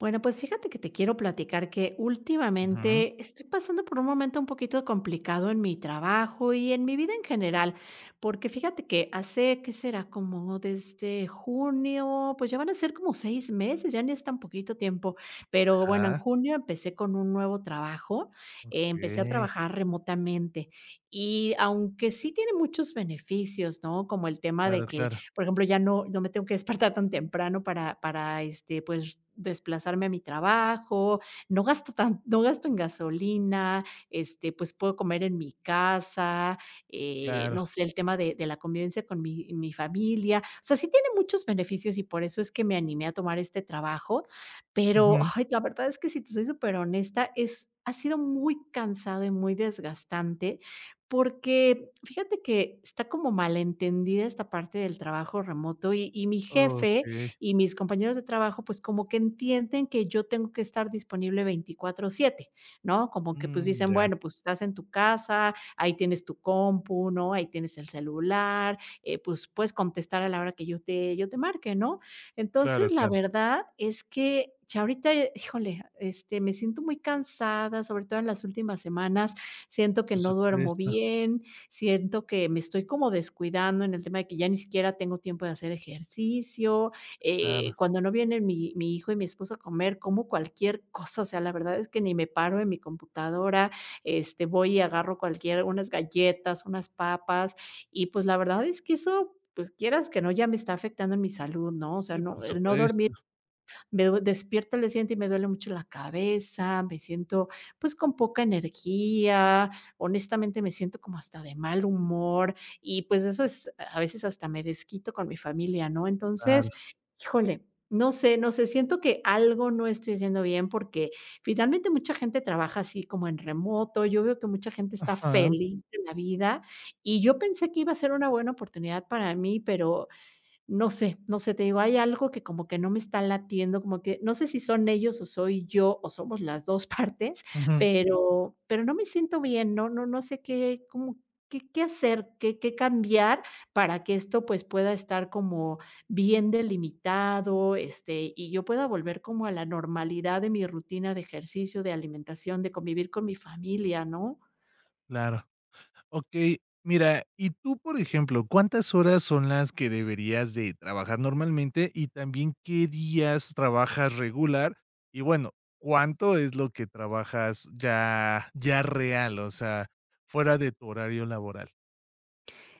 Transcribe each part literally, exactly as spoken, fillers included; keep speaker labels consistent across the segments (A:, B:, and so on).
A: Bueno, pues fíjate que te quiero platicar que
B: Ujú.
A: últimamente estoy pasando por un momento un poquito complicado en mi trabajo y en mi vida en general, porque fíjate que hace, ¿que será?, como desde junio, pues ya van a ser como seis meses, ya ni es tan poquito tiempo, pero bueno, en
B: Ajá.
A: junio empecé con un nuevo trabajo, empecé a
B: Okey.
A: trabajar remotamente y aunque sí tiene muchos beneficios, ¿no?, como el tema
B: Claro,
A: de que,
B: claro.
A: por ejemplo, ya no no me tengo que despertar tan temprano para para, este, pues r desplazarme a mi trabajo, no gasto tan no gasto en gasolina, este, pues puedo comer en mi casa, eh,
B: Claro.
A: no sé, el tema de de la convivencia con mi mi familia, o sea, sí tiene muchos beneficios y por eso es que me animé a tomar este trabajo. Pero,
B: Ujú.
A: ay, la verdad es que si te soy superhonesta es ha sido muy cansado y muy desgastante porque, fíjate que está como mal entendida esta parte del trabajo remoto y y mi jefe
B: Okey.
A: y mis compañeros de trabajo, pues como que entienden que yo tengo que estar disponible veinticuatro siete ¿no?, como que, pues
B: Mm,
A: dicen:
B: ya.
A: "Bueno, pues estás en tu casa, ahí tienes tu compu, ¿no?, ahí tienes el celular, eh, pues puedes contestar a la hora que yo te yo te marque, ¿no?".
B: Claro,
A: Entonces, la
B: claro.
A: verdad es que ya ahorita, eh, híjole, este, me siento muy cansada, sobre todo en las últimas semanas siento que
B: Por
A: no duermo
B: supuesto.
A: bien. Siento que me estoy como descuidando en el tema de que ya ni siquiera tengo tiempo de hacer ejercicio, eh,
B: Claro.
A: cuando no vienen mi mi hijo y mi esposo a comer como cualquier cosa. O sea, la verdad es que ni me paro de mi computadora, este, voy y agarro cualquier unas galletas, unas papas y pues, la verdad, es que eso, pues, quieras que no, ya me está afectando en mi salud, ¿no? O sea,
B: Sí, por
A: no el no dormir,
B: supuesto.
A: me du despierto al día siguiente y me duele mucho la cabeza, me siento, pues, con poca energía, honestamente, me siento como hasta de mal humor y, pues, eso es a veces hasta me desquito con mi familia, ¿no?
B: Claro.
A: Entonces, híjole, no sé no sé, siento que algo no estoy haciendo bien porque, finalmente, mucha gente trabaja así como en remoto. Yo veo que mucha gente está
B: Ajá.
A: feliz de la vida y yo pensé que iba a ser una buena oportunidad para mí, pero no sé no sé, te digo, hay algo que como que no me está latiendo, como que no sé si son ellos o soy yo o somos las dos partes,
B: Ujú.
A: pero pero no me siento bien. No no no sé qué, ¿cómo qué qué hacer, qué qué cambiar para que esto, pues, pueda estar como bien delimitado, este, y yo pueda volver como a la normalidad de mi rutina de ejercicio, de alimentación, de convivir con mi familia, no?
B: Claro. Okey, mira, y tú, por ejemplo, ¿cuántas horas son las que deberías de trabajar normalmente y también qué días trabajas regular? Y bueno, ¿cuánto es lo que trabajas ya ya real, o sea, fuera de tu horario laboral?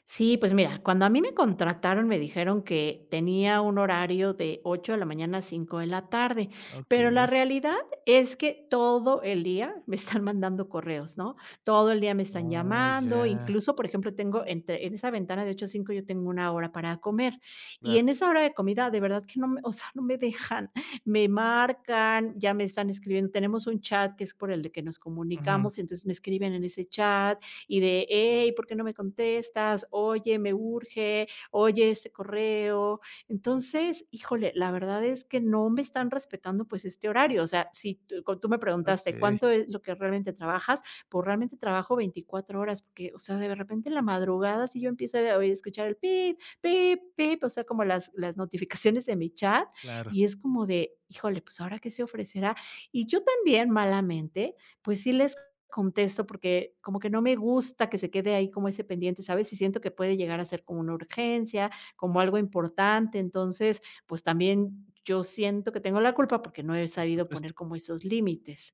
A: Sí, pues mira, cuando a mí me contrataron, me dijeron que tenía un horario de ocho de la mañana a cinco de la tarde, pero la
B: Okey.
A: realidad es que todo el día me están mandando correos, ¿no? Todo el día me están
B: Oh,
A: llamando.
B: ya.
A: Incluso, por ejemplo, tengo entre en esa ventana de ocho a cinco yo tengo una hora para comer, y
B: Claro.
A: en esa hora de comida, de verdad que no me, o sea, no me dejan, me marcan, ya me están escribiendo. Tenemos un chat que es por el que nos
B: Ujú.
A: comunicamos, entonces me escriben en ese chat, y de: "Hey, ¿por qué no me contestas? Oye, me urge. Oye, este correo", entonces, híjole, la verdad es que no me están respetando, pues, este horario. O sea, si con tú me preguntaste:
B: Okey.
A: ¿cuánto es lo que realmente trabajas? Pues realmente trabajo veinticuatro horas, porque, o sea, de repente en la madrugada, si yo empiezo a oi escuchar pip, pip, pip, o sea, como las las notificaciones de mi chat,
B: Claro.
A: es como de híjole, pues, ¿ahora qué se ofrecerá?, y yo también malamente, pues, sí les contesto porque como que no me gusta que se quede ahí como ese pendiente, ¿sabes? Y siento que puede llegar a ser como una urgencia, como algo importante. Entonces, pues, también yo siento que tengo la culpa porque no he
B: Por
A: sabido
B: supuesto.
A: poner como esos límites.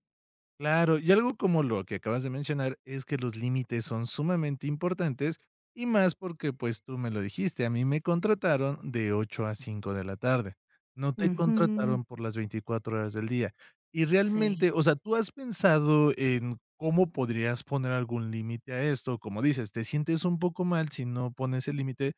B: Claro, y algo como lo que acabas de mencionar, es que los límites son sumamente importantes, y más porque, pues, tú me lo dijiste: "A mí me contrataron de ocho a cinco de la tarde", no te
A: Ujú.
B: contrataron por las veinticuatro horas del día, y
A: Sí.
B: realmente o sea, tú has pensado en, cómo podrías poner algún límite a esto, como dices, te sientes un poco mal si no pones el límite,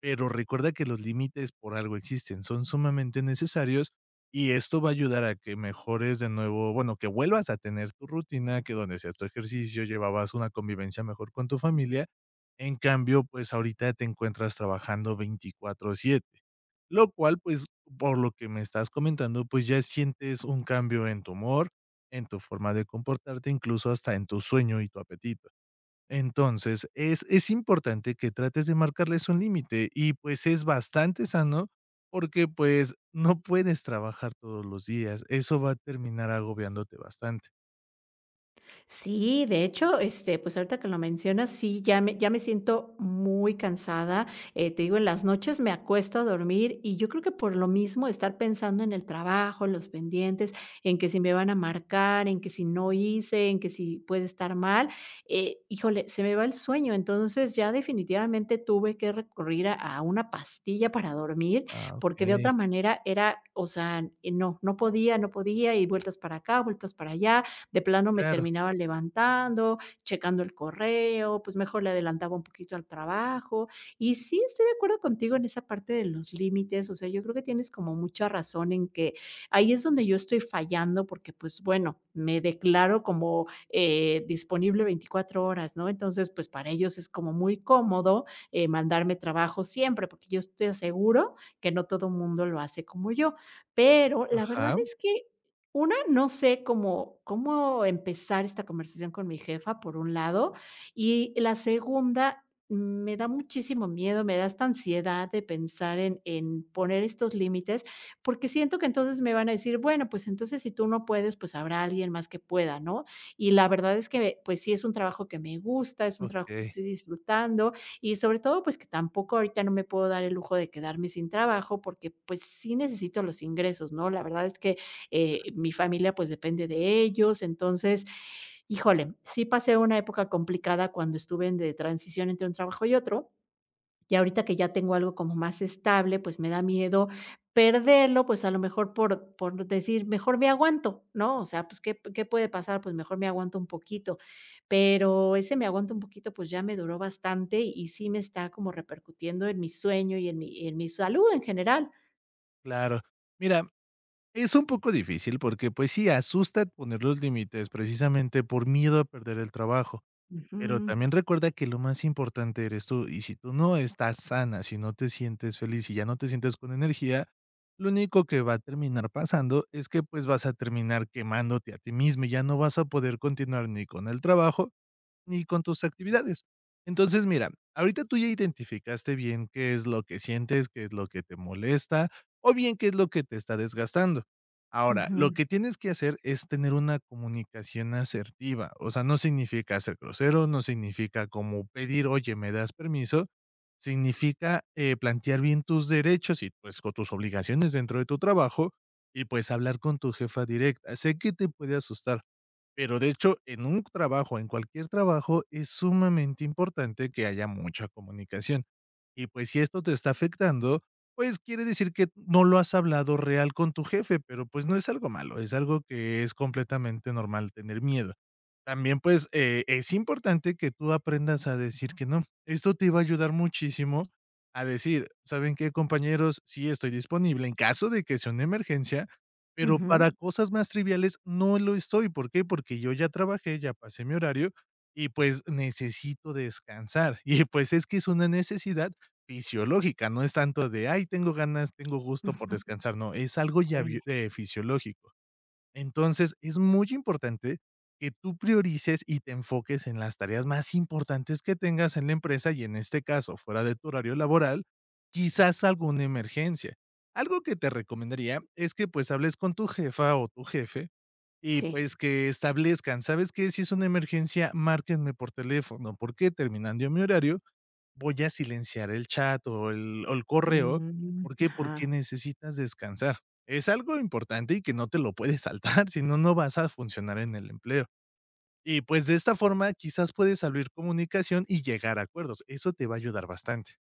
B: pero recuerda que los límites por algo existen, son sumamente necesarios, y esto va a ayudar a que mejores de nuevo bueno, que vuelvas a tener tu rutina que donde hacías tu ejercicio, llevabas una convivencia mejor con tu familia, en cambio, pues, ahorita te encuentras trabajando veinticuatro siete lo cual, pues, por lo que me estás comentando, pues, ya sientes un cambio en tu humor, en tu forma de comportarte, incluso hasta en tu sueño y tu apetito, entonces es es importante que trates de marcarles un límite y, pues, es bastante sano, porque, pues, no puedes trabajar todos los días, eso va a terminar agobiándote bastante.
A: Sí, de hecho, este, pues. ahorita que lo mencionas, sí, ya me ya me siento muy cansada. Eh, te digo, en las noches me acuesto a dormir, y yo creo que por lo mismo estar pensando en el trabajo, los pendientes en que si me van a marcar en que si no hice, en que si puede estar mal, eh, híjole, se me va el sueño. Entonces, ya definitivamente tuve que recurrir a a una pastilla para dormir,
B: Ah,
A: porque de
B: okey.
A: otra manera era, o sea, eh, no, no podía no podía. Y vueltas para acá, vueltas para allá, de plano me
B: Claro.
A: terminaba levantando, checando el correo. Pues, mejor le adelantaba un poquito al trabajo, y sí, estoy de acuerdo contigo en esa parte de los límites. O sea, yo creo que tienes como mucha razón en que, ahí es donde yo estoy fallando, porque, pues, bueno, me declaro como, eh, disponible veinticuatro horas, ¿no? Entonces, pues, para ellos es como muy cómodo, eh, mandarme trabajo siempre, porque yo es te aseguro que no todo mundo lo hace como yo. Pero la verdad
B: Ajá.
A: es que, una, no sé, cómo cómo empezar esta conversación con mi jefa por un lado, y la segunda, me da muchísimo miedo, me da esta ansiedad de pensar en en poner estos límites, porque siento que entonces, me van a decir: "Bueno, pues, entonces, si tú no puedes, pues habrá alguien más que pueda", ¿no? Y la verdad es que, pues sí, es un trabajo que me gusta, es un trabajo que
B: Okey.
A: estoy disfrutando y sobre todo, pues que tampoco ahorita no me puedo dar el lujo de quedarme sin trabajo. Porque, pues, sí necesito los ingresos, ¿no?, la verdad es que,
B: Ah.
A: eh, mi familia pues depende de ellos. Entonces, híjole, sí pasé una época complicada cuando estuve en de transición entre un trabajo y otro. Y ahorita que ya tengo algo como más estable, pues me da miedo perderlo, pues a lo mejor por por decir, mejor me aguanto, ¿no? O sea, pues, ¿qué qué puede pasar?, pues, mejor me aguanto un poquito, pero ese me aguanta un poquito, pues, ya me duró bastante y sí me está como repercutiendo en mi sueño, y en mi en mi salud en general.
B: Claro. Mira, es un poco difícil porque pues sí, asusta poner los límites precisamente por miedo a perder el trabajo. Pero
A: Ujú.
B: también recuerda que lo más importante eres tú. Y si tú no estás sana, si no te sientes feliz y ya no te sientes con energía. Lo único que va a terminar pasando es que, pues, vas a terminar quemándote a ti misma y ya no vas a poder continuar ni con el trabajo ni con tus actividades. Entonces mira, ahorita tú ya identificaste bien qué es lo que sientes, qué es lo que te molesta, o bien, qué es lo que te está desgastando. Ahora lo
A: Ujú.
B: que tienes que hacer es tener una comunicación asertiva. O sea, no significa ser grosero. No significa como pedir: "Oye, me das permiso". Significa, eh, plantear bien tus derechos y, pues, con tus obligaciones dentro de tu trabajo y, pues, hablar con tu jefa directa. Sé que te puede asustar, pero, de hecho, en un trabajo, en cualquier trabajo, es sumamente importante que haya mucha comunicación. Y pues si esto te está afectando, pues quiere decir que no lo has hablado real con tu jefe, pero pues no es algo malo. Es algo que es completamente normal tener miedo. También, pues, eh, es importante que tú aprendas a decir que no. Esto te va a ayudar muchísimo a decir: "¿Saben qué, compañeros? Sí, estoy disponible en caso de que sea una emergencia, pero para
A: Ujú.
B: cosas más triviales no lo estoy". ¿Por qué? Porque yo ya trabajé, ya pasé mi horario y pues necesito descansar y pues es que es una necesidad fisiológica. No es tanto de: "Ay, tengo ganas. Tengo gusto por descansar". No, es algo ya,
A: Sí.
B: eh, fisiológico. Entonces es muy importante que tú priorices y te enfoques en las tareas más importantes que tengas en la empresa y, en este caso, fuera de tu horario laboral, quizás alguna emergencia. Algo que te recomendaría es que, pues, hables con tu jefa o tu jefe. Y
A: Sí.
B: pues que establezcan. ¿Sabes qué? Si es una emergencia, márquenme por teléfono. Porque, terminando mi horario, voy a silenciar el chat o el o el correo.
A: Ujú.
B: ¿Por qué? Porque
A: Ajá.
B: necesitas descansar. Es algo importante y que no te lo puedes saltar si no vas a funcionar en el empleo. Y pues de esta forma, quizás puedes abrir comunicación y llegar a acuerdos. Eso te va a ayudar bastante.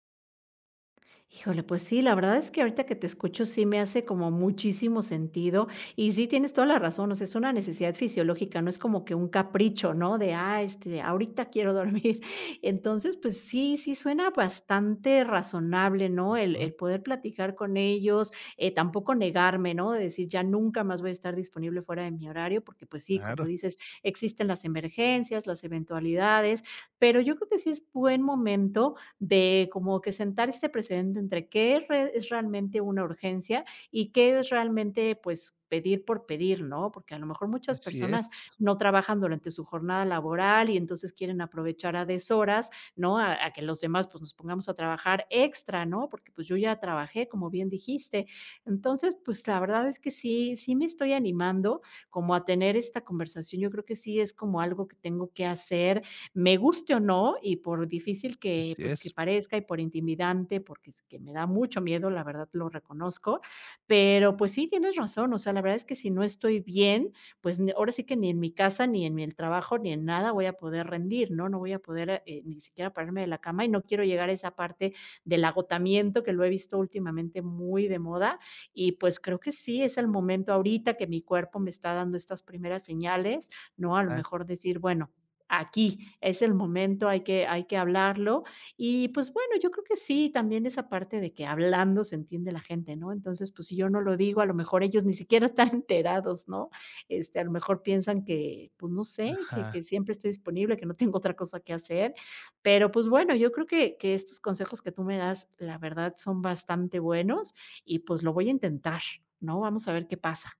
A: Híjole, pues sí, la verdad es que ahorita que te escucho sí me hace como muchísimo sentido. Y sí tienes toda la razón, o sea, es una necesidad fisiológica, no es como que un capricho, ¿no?, de: "Ah, este, ahorita quiero dormir". Entonces, pues, sí sí, suena bastante razonable, ¿no?, el
B: Ujú.
A: el poder platicar con ellos, eh, tampoco negarme, ¿no?, decir: "Ya nunca más voy a estar disponible fuera de mi horario", porque, pues sí, como
B: Claro.
A: dices, existen las emergencias, las eventualidades, pero yo creo que, sí es buen momento, de como que, sentar este precedente entre que es re es realmente una urgencia, y que es realmente, pues, pedir por pedir, ¿no? Porque a lo mejor muchas
B: Así es.
A: personas no trabajan durante su jornada laboral, y entonces, quieren aprovechar a deshoras, ¿no?, a que los demás, pues, nos pongamos a trabajar extra, ¿no? Porque, pues, yo ya trabajé, como bien dijiste. Entonces, pues, la verdad es que sí, sí me estoy animando como a tener esta conversación, yo creo que, sí es como algo que tengo que hacer, me guste, o no, y por difícil que,
B: Así
A: pues, que
B: es.
A: parezca, y por intimidante, porque es que me da mucho miedo, la verdad, lo reconozco, pero, pues, sí, tienes razón, o sea, la verdad es que, si no estoy bien, pues n ahora sí que ni en mi casa, ni en el trabajo, ni en nada voy a poder rendir, ¿no? No voy a poder, eh, ni siquiera, ponerme de la cama y no quiero llegar a esa parte del agotamiento, que lo he visto últimamente muy de moda. Y, pues, creo que sí, es el momento ahorita que mi cuerpo me está dando estas primeras señales, ¿no?, a lo
B: Ah.
A: mejor, decir: "Bueno, aquí es el momento, hay que hay que hablarlo". Y, pues, bueno, yo creo que sí, también esa parte de que, "Hablando se entiende la gente", ¿no?, entonces, pues, si yo no lo digo, a lo mejor, ellos ni siquiera están enterados, ¿no?, este, a lo mejor, piensan que, pues, no sé que
B: Ajá.
A: que siempre estoy disponible, que no tengo otra cosa que hacer, pero, pues, bueno, yo creo que que estos consejos que tú me das la verdad son bastante buenos y, pues, lo voy a intentar, ¿no?, vamos a ver qué pasa.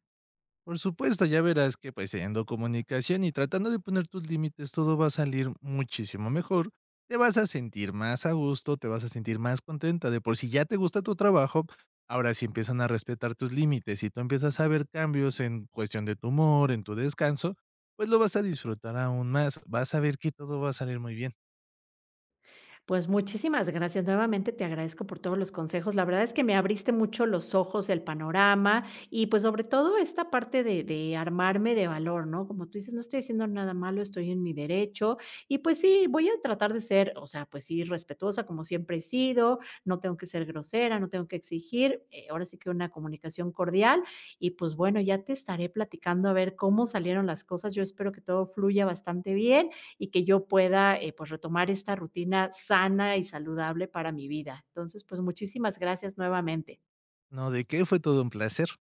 B: Por supuesto, ya verás que, pues, teniendo comunicación y tratando de poner tus límites, todo va a salir muchísimo mejor. Te vas a sentir más a gusto, te vas a sentir más contenta, de por si, ya te gusta tu trabajo, ahora, si empiezan a respetar tus límites, y tú empiezas a ver cambios en cuestión de tu humor, en tu descanso, pues, lo vas a disfrutar aún más, vas a ver que todo va a salir muy bien.
A: Pues, muchísimas gracias, nuevamente te agradezco por todos los consejos. La verdad es que me abriste mucho los ojos, el panorama y, pues, sobre todo esta parte de de armarme de valor, ¿no?, como tú dices, no estoy haciendo nada malo, estoy en mi derecho. Y, pues sí, voy a tratar de ser, o sea, pues sí, respetuosa como siempre he sido, no tengo que ser grosera, no tengo que exigir, eh, ahora sí que, una comunicación cordial. Y, pues, bueno, ya te estaré platicando a ver cómo salieron las cosas, yo espero que todo fluya bastante bien, y que yo pueda, eh, pues, retomar esta rutina sana y saludable para mi vida. Entonces, pues, muchísimas gracias nuevamente.
B: No, de qué, fue todo un placer.